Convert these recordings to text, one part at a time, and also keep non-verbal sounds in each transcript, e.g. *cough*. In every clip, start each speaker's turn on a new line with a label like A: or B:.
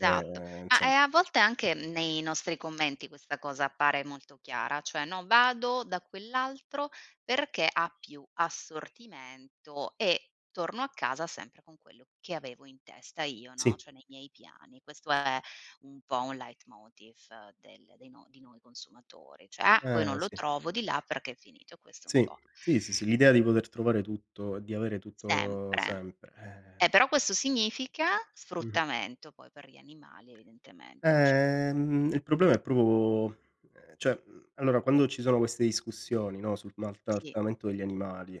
A: Eh, ehm,
B: Ah, e,
A: insomm
B: a volte, anche nei nostri commenti questa cosa appare molto chiara. Cioè, no: "vado da quell'altro perché ha più assortimento e torno a casa sempre con quello che avevo in testa io, no,
A: Sì.
B: cioè, nei miei piani". Questo è un po' un leitmotiv del dei no di noi consumatori. Cioè: “Ah, poi non
A: Eh,
B: lo
A: sì.
B: trovo di là perché è finito”. Questo è un
A: Sì.
B: po'
A: Sì, sì, sì l'idea di poter trovare tutto e di avere tutto
B: Sempre.
A: sempre,
B: Eh,
A: eh
B: però questo significa
A: Mh-mh.
B: sfruttamento poi per gli animali, evidentemente, c
A: Eh, mhmm, il problema è proprio, ehm, cioè, mhmm, allora, quando ci sono queste discussioni, no, sul
B: Sì.
A: maltrattamento degli animali,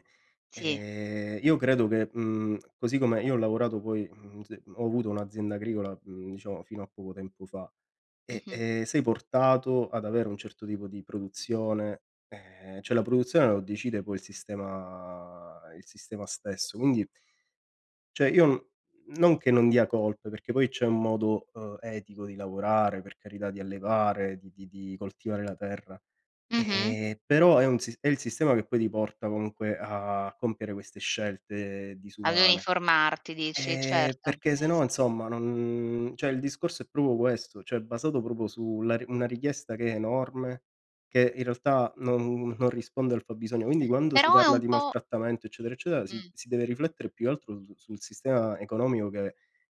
B: Sì.
A: ehm, io credo che, mhmm, così come io ho lavorato, poi, mhmm, zi ho avuto un'azienda agricola, mhmm, diciamo, fino a poco tempo fa. E,
B: Mh-mh.
A: ehm, sei portato ad avere un certo tipo di produzione, ehm, cioè, la produzione lo decide poi il sistema il sistema stesso, quindi cioè, io, n non che non dia colpe, perché poi c'è un modo, uhm, etico di lavorare, per carità, di allevare, di di di coltivare la terra.
B: Mh-mh.
A: E, però è un si è il sistema che poi ti porta, comunque, a compiere queste scelte
B: Ad
A: disumane.
B: uniformarti dici,
A: Ehm,
B: certo.
A: perché, se
B: Eh
A: no,
B: sì.
A: insomma, non cioè, il discorso è proprio questo. Cioè, è basato proprio su la ri una richiesta che è enorme, che in realtà non non risponde al fabbisogno. Quindi, quando si
B: Però è
A: parla
B: un
A: di
B: po'
A: maltrattamento, eccetera, eccetera, si
B: Mh.
A: si deve riflettere, più che altro, su sul sistema economico che a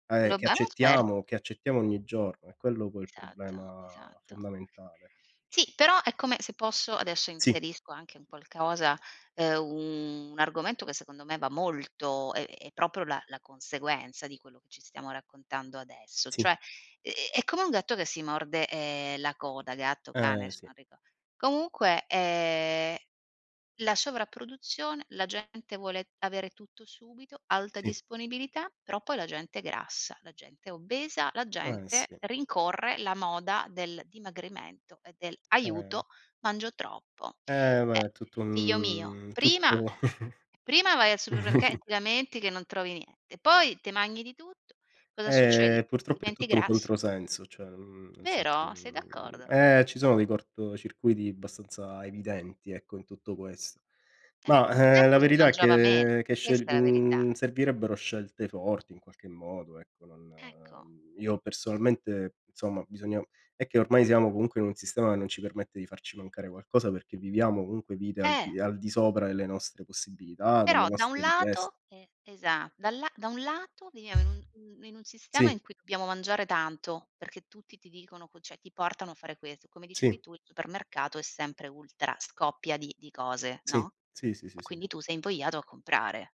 A: e che
B: Globa *unintelligible*
A: accettiamo, che accettiamo ogni giorno. È quello, poi, il
B: Esatto,
A: problema
B: esatto.
A: fondamentale.
B: Sì, però è come se posso, adesso
A: Sì.
B: inserisco anche un qualcosa, uhm, un argomento che, secondo me, va molto, è è proprio la la conseguenza di quello che ci stiamo raccontando adesso.
A: Sì.
B: Cioè, ehm, è come un gatto che si morde, ehm, la coda, gatto, cane,
A: Eh,
B: adesso
A: sì.
B: non rico comunque, ehm, la sovraproduzione, la gente vuole avere tutto subito, alta
A: Sì.
B: disponibilità, però poi la gente è grassa, la gente è obesa, la
A: Eh,
B: gente
A: sì.
B: rincorre la moda del dimagrimento e del
A: Eh.
B: "aiuto mangio troppo”.
A: Eh, ma
B: Eh,
A: è tutto
B: figlio mio,
A: un tutto
B: prima
A: u
B: prima vai al supermerc e e
A: *chuckles*
B: ti lamenti che non trovi niente, poi te magni di tutto, cosa succede?
A: Eh, purtroppo, è
B: Diventi
A: tutto un
B: grasso.
A: controsenso, cioè, mhmm, nel senso,
B: Vero, sei
A: mhmm
B: d'accordo?
A: eh, ci sono dei cortocircuiti abbastanza evidenti, ecco, in tutto questo.
B: Eh,
A: Mah,
B: un
A: ehm, la
B: tempo si
A: verità è
B: mangiava meno,
A: che che scel
B: questa è la verità.
A: mhmm, servirebbero scelte forti, in qualche modo. Ecco, non
B: Ecco.
A: mhmm, io, personalmente insomma, bisogna è che ormai siamo, comunque, in un sistema che non ci permette di farci mancare qualcosa perché viviamo, comunque, vite al
B: Eh!
A: di al di sopra delle nostre possibilità, delle
B: Però, da un
A: nostre richies
B: lato e esa da la da un lato, viviamo in un mhmm, in un sistema
A: Sì.
B: in cui dobbiamo mangiare tanto, perché tutti ti dicono co cioè, ti portano a fare questo. Come dicevi
A: Sì.
B: tu, il supermercato è sempre ultra scoppia di di cose,
A: Sì,
B: no,
A: sì, sì, sì, sì.
B: quindi, tu sei invogliato a comprare.